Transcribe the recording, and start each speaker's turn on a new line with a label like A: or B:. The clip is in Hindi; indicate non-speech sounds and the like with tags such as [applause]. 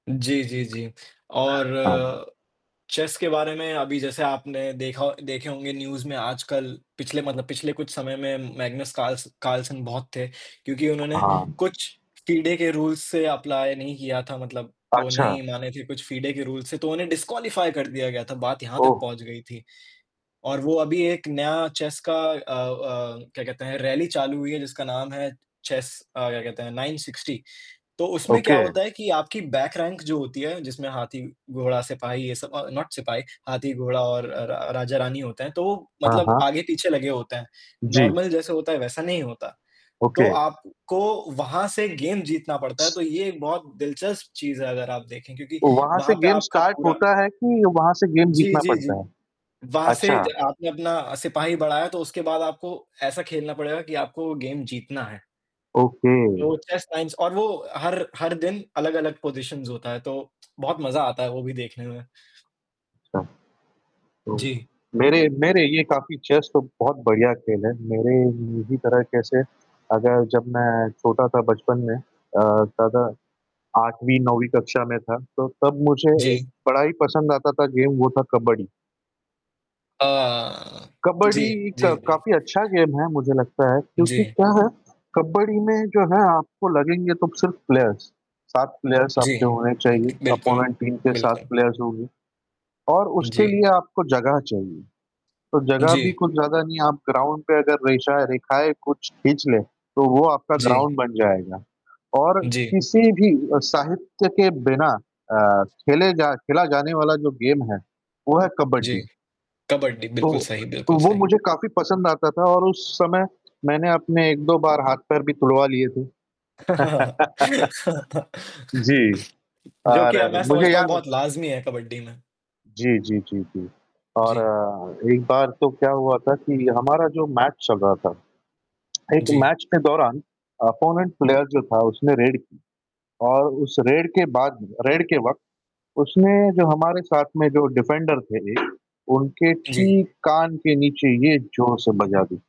A: जी, जी, जी।
B: हाँ, हाँ।
A: और चेस के बारे में अभी जैसे आपने देखा हो देखे होंगे न्यूज़ में आजकल पिछले मतलब पिछले कुछ समय में मैग्नेस काल्स काल्सन बहुत थे क्योंकि उन्होंने
B: हाँ।
A: कुछ फ़िडे के रूल्स से अप्लाई नहीं किया था, मतलब वो
B: अच्छा।
A: नहीं माने थे कुछ फ़िडे के रूल्स, तो उन्हें डिसक्वालिफ़ाई कर दिया गया था, बात यहाँ तक
B: ओह!
A: पहुँच गई थी और वो अभी एक नया चेस का अ अ, क्या कहते हैं रैली चालू हुई है जिसका नाम है चेस अ, क्या कहते हैं नाइन सिक्स्टी, तो उसमें क्या
B: ओके।
A: होता है कि आपकी बैक रैंक जो होती है, जिसमें हाथी-घोड़ा-सिपाही ये सब अ, नॉट सिपाही, हाथी-गोड़ा और रा रा राजा-रानी होते हैं, तो वो
B: हाँ,
A: मतलब
B: हाँ।
A: आगे-पीछे लगे होते हैं,
B: जी।
A: नॉर्मल जैसे होता है वैसा नहीं होता, तो
B: ओके।
A: आपको वहाँ से गेम जीतना पड़ता है, तो ये एक बहुत दिलचस्प चीज़ है अगर आप देखें क्योंकि
B: तो वहाँ से
A: वहाँ पे
B: गेम
A: आपका
B: स्टार्ट
A: पूरा
B: होता है कि वहाँ से गेम
A: जी,
B: जीतना
A: जी, जी।
B: पड़ता है?
A: वहाँ से
B: अच्छा।
A: जब आपने अपना सिपाही बढ़ाया तो उसके बाद आपको ऐसा खेलना पड़ेगा कि आपको वो गेम जीतना है।
B: ओके।
A: वो चेस टाइम्स और वो हर हर दिन अलग-अलग पोज़ीशंस होता है तो बहुत मज़ा आता है वो भी देखने में।
B: तो
A: जी।
B: मेरे मेरे ये काफ़ी चेस तो बहुत बढ़िया खेल है, मेरे यही तरह के से अगर जब मैं छोटा था बचपन में अ, ज़्यादा 8वीं- 9वीं कक्षा में था, तो तब मुझे
A: जी।
B: बड़ा ही पसंद आता था गेम, वो था कबड्डी।
A: अ, जी,
B: कबड्डी
A: जी,
B: क
A: जी।
B: काफ़ी अच्छा गेम है, मुझे लगता है क्योंकि
A: जी।
B: क्या है, कबड्डी में जो है आपको लगेंगे तो सिर्फ़ प्लेयर्स 7 प्लेयर्स
A: जी।
B: आपके होने चाहिए,
A: ई बिल्कुल।
B: अपोनेंट टीम के 7
A: बिल्कुल।
B: प्लेयर्स होंगे और
A: उ,
B: उसके
A: जी।
B: लिए आपको जगह चाहिए, तो जगह भी
A: जी।
B: कुछ ज़्यादा नहीं है आप ग्राउंड पे अगर रेशा रेखाएँ कुछ खींच लें, तो वो आपका
A: जी।
B: ग्राउंड बन जाएगा और
A: जी।
B: किसी भी अ, साहित्य के बिना अ, खेले जा खेला जाने वाला जो गेम है, वो है
A: जी।
B: कबड्डी।
A: कबड्डी।
B: तो
A: बिल्कुल सही,
B: तो
A: बिल्कुल
B: वो
A: सही।
B: मुझे काफ़ी पसंद आता था और उस समय मैंने अपने 1-2 बार हाथ-पैर भी तुड़वा लिए थे।
A: [chuckles]
B: [laughs] जी
A: जो कि अब
B: और
A: मैं
B: मुझे
A: समझता हूँ
B: याद है
A: बहुत लाज़मी है कबड्डी में।
B: जी, जी, जी, जी।
A: जी।
B: और एक बार तो क्या हुआ था कि हमारा जो मैच चल रहा था, एक
A: जी।
B: मैच के दौरान अपोनेंट प्लेयर जो था, उसने रेड की और उस रेड के बाद रेड के वक़्त, उसने जो हमारे साथ में जो डिफ़ेंडर थे, उनके
A: जी।
B: ठीक कान के नीचे ये जोर से बजा दिया।